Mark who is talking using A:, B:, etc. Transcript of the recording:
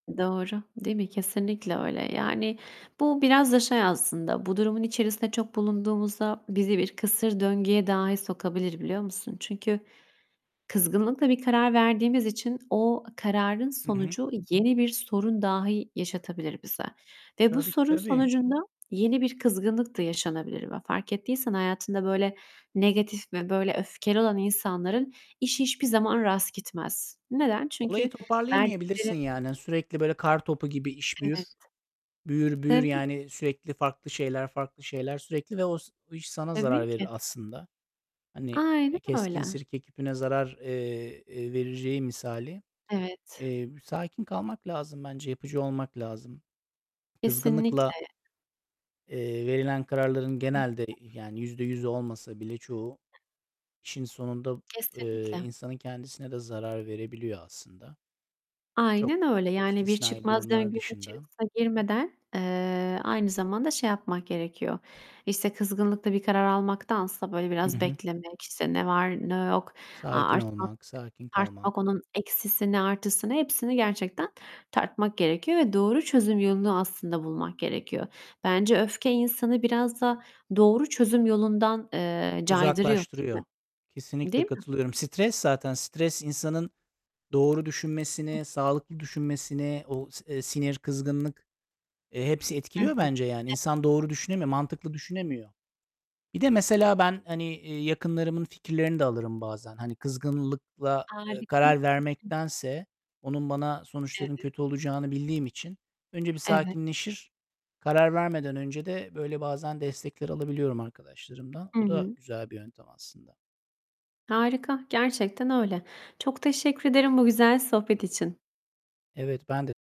A: Doğru, değil mi? Kesinlikle öyle. Yani, bu biraz da şey aslında bu durumun içerisinde çok bulunduğumuzda bizi bir kısır döngüye dahi sokabilir, biliyor musun? Çünkü kızgınlıkla bir karar verdiğimiz için o kararın
B: I hı.
A: sonucu yeni bir sorun dahi yaşatabilir bize. Ve bu
B: Tabii,
A: sorun
B: tabii.
A: sonucunda, yeni bir kızgınlık da yaşanabilir ve fark ettiysen hayatında böyle negatif ve böyle öfkeli olan insanların işi hiçbir zaman rast gitmez. Neden?
B: Olayı
A: Çünkü
B: toparlayamayabilirsin
A: verdikleri
B: yani. Sürekli, böyle, kartopu gibi iş
A: Evet.
B: büyür. Büyür, büyür,
A: Tabii!
B: yani, sürekli farklı şeyler, farklı şeyler sürekli ve o s iş sana
A: Tabii
B: zarar
A: ki!
B: verir aslında. Hani,
A: Aynen
B: e, "keskin
A: öyle!
B: sirke küpüne zarar," eee, eee, vereceği misali.
A: Evet.
B: Eee, b sakin kalmak lazım bence, yapıcı olmak lazım.
A: Kesinlikle!
B: Kızgınlıkla eee, verilen kararların genelde, yani, %100'ü olmasa bile çoğu, işin sonunda, eee,
A: Kesinlikle!
B: insanın kendisine de zarar verebiliyor aslında. Çok
A: Aynen öyle! Yani bir
B: istisnai
A: çıkmaz
B: durumlar
A: döngünün
B: dışında.
A: içerisine girmeden, eee, aynı zamanda şey yapmak gerekiyor. İşte, kızgınlıkla bir karar almaktansa, böyle,
B: I
A: biraz
B: hı.
A: beklemek, işte, ne var ne yok, a
B: Sakin
A: artmak
B: olmak, sakin
A: tartmak
B: kalmak.
A: onun eksisini, artısını, hepsini gerçekten tartmak gerekiyor ve doğru çözüm yolunu aslında bulmak gerekiyor. Bence öfke, insanı biraz da doğru çözüm yolundan, eee, caydırıyor, değil
B: Uzaklaştırıyor.
A: mi?
B: Kesinlikle
A: Değil mi?
B: katılıyorum. Stres zaten, stres insanın doğru düşünmesini, sağlıklı düşünmesini, o, s eee, sinir, kızgınlık, eee, hepsi
A: Hı
B: etkiliyor
A: hı.
B: bence yani. İnsan doğru düşünemiyor, mantıklı düşünemiyor. Bir de mesela ben, hani, iii, yakınlarımın fikirlerini de alırım bazen. Hani, kızgınlıkla, ııı,
A: Harika!
B: karar vermektense onun bana sonuçlarının
A: Evet.
B: kötü olacağını bildiğim için önce bir
A: Evet.
B: sakinleşir, karar vermeden önce de böyle bazen destekler alabiliyorum arkadaşlarımdan.
A: Hı
B: O da
A: hı.
B: güzel bir yöntem aslında.
A: Harika! Gerçekten öyle! Çok teşekkür ederim, bu güzel sohbet için.
B: Evet, ben de